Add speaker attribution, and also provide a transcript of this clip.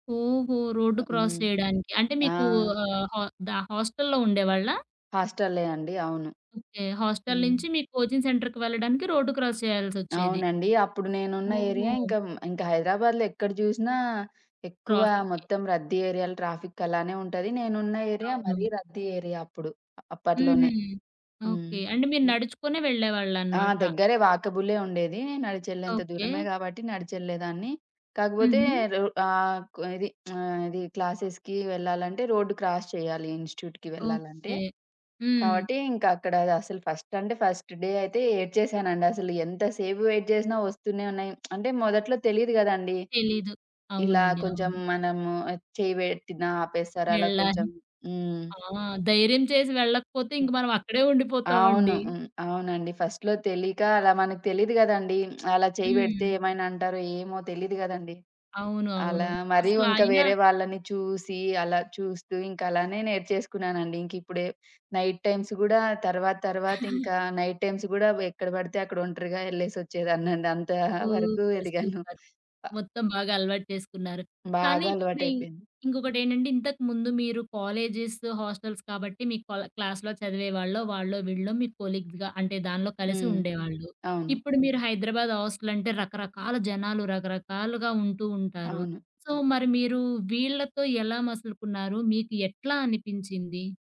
Speaker 1: ఓహో! రోడ్డు
Speaker 2: ఆహ్,
Speaker 1: క్రాస్
Speaker 2: హ్మ్.
Speaker 1: జేయడానికి. అంటే
Speaker 2: ఆ!
Speaker 1: మీకు ఆహ్, హా ద హాస్టల్లో ఉండేవాళ్ళా?
Speaker 2: హాస్ట‌లే అండి అవును.
Speaker 1: ఓకే. హాస్టల్
Speaker 2: హ్మ్.
Speaker 1: నించి మీ కోచింగ్ సెంటర్‌కి వెళ్ళడానికి రోడ్డు క్రాస్ చేయాల్సొచ్చేది.
Speaker 2: అవునండి. అప్పుడు నేనున్న ఏరియా
Speaker 1: ఓహో!
Speaker 2: ఇంకా, ఇంకా హైదరాబాద్‌లో ఎక్కడ జూసినా ఎక్కువ
Speaker 1: ట్రాఫిక్కె.
Speaker 2: మొత్తం రద్దీ ఏరియాల ట్రాఫిక్ అలానే ఉంటది. నేనున్న ఏరియా మరీ
Speaker 1: అవును.
Speaker 2: రద్దీ ఏరియా అప్పుడు.
Speaker 1: హుహు.
Speaker 2: అప్పట్లోనే హ్మ్.
Speaker 1: ఓకే. అంటే మీరు
Speaker 2: హ్మ్.
Speaker 1: నడుచుకునే
Speaker 2: ఆ!
Speaker 1: వెళ్ళేవాళ్ళన్నమాట.
Speaker 2: దెగ్గరే వాకబులే ఉండేది. నడిచెళ్ళేంత
Speaker 1: ఓకే.
Speaker 2: దూరమే గాబట్టి నడిచెళ్ళేదాన్ని. కాకపోతే
Speaker 1: హుహు.
Speaker 2: రొ ఆహ్, కు ఇది ఆహ్, ఇది క్లాసెస్‌కి వెళ్ళాలంటే రోడ్డు క్రాస్ చేయాలి ఇన్స్‌టి‌ట్యూకి వెళ్ళాలంటే.
Speaker 1: ఓకే. హ్మ్.
Speaker 2: కావట్టి ఇంకా అక్కడ అసల ఫస్ట్ అంటే ఫస్ట్ డే అయితే ఏడ్చేసానండి అసలు ఎంత సేపు వెయిట్ జేసినా ఒస్తూనే ఉన్నాయి. అంటే మొదట్లో తెలీదు గదండీ!
Speaker 1: తెలీదు.
Speaker 2: ఇలా
Speaker 1: అవునండి.
Speaker 2: కొంచెం
Speaker 1: అవును.
Speaker 2: మనము చెయ్యి పెట్టిన ఆపేస్తారు. అలా
Speaker 1: వెళ్ళాలి.
Speaker 2: కొంచెం. హ్మ్.
Speaker 1: ఆ! ధైర్యం చేసి వెళ్ళకపోతే ఇంక
Speaker 2: హ్మ్
Speaker 1: మనమక్కడే
Speaker 2: అవును.
Speaker 1: ఉండిపోతామండి.
Speaker 2: హ్మ్. అవునండి. ఫస్ట్‌లో తెలీక అలా మనకు తెలీదు గదండీ. అలా చేయి బెడితే
Speaker 1: హ్మ్.
Speaker 2: ఏమైనా అంటారో ఏమో తెలీదు గదండీ.
Speaker 1: అవును.
Speaker 2: అలా
Speaker 1: అవును.
Speaker 2: మరి
Speaker 1: అసలు
Speaker 2: ఇంకా
Speaker 1: అయిన
Speaker 2: వేరే వాళ్ళని చూసి అలా చూస్తూ ఇంకా అలానే నేర్చేసుకున్నానండి. ఇంకిప్పుడే నైట్ టైమ్స్ గూడా తర్వాత తర్వాత ఇంకా నైట్ టైమ్స్ గూడా వ ఎక్కడ బడితే అక్కడ ఒంటరిగా యెళ్లేసొచ్చేదాన్నండి. అంత వరకు
Speaker 1: సూపర్.
Speaker 2: ఎదిగాను.
Speaker 1: సూపర్.
Speaker 2: ఆహ్
Speaker 1: మొత్తం బాగా అలవాటు చేసుకున్నారు. కానీ,
Speaker 2: బాగా
Speaker 1: ఇప్పుడి ఇంక్
Speaker 2: అలవాటయిపోయింది.
Speaker 1: ఇంకొకటేంటంటే ఇంతకముందు మీరు కాలేజెస్, హాస్టల్స్ కాబట్టి మీ కొల క్లాస్‌లో చదివే‌వాళ్ళో, వాళ్ళో వీళ్ళో మీ కొలీగ్‌గా అంటే దానిలో కలిసి
Speaker 2: హ్మ్.
Speaker 1: ఉండేవాళ్ళు.
Speaker 2: అవును.
Speaker 1: ఇప్పుడు మీరు హైదరాబాద్ హాస్టల్ అంటే రకరకాల జనాలు రకరకాలుగా ఉంటూ ఉంటారు.
Speaker 2: అవును.
Speaker 1: సో, మరి మీరు వీళ్ళతో ఎలా మసలుకున్నారు? మీకు ఎట్లా అనిపించింది?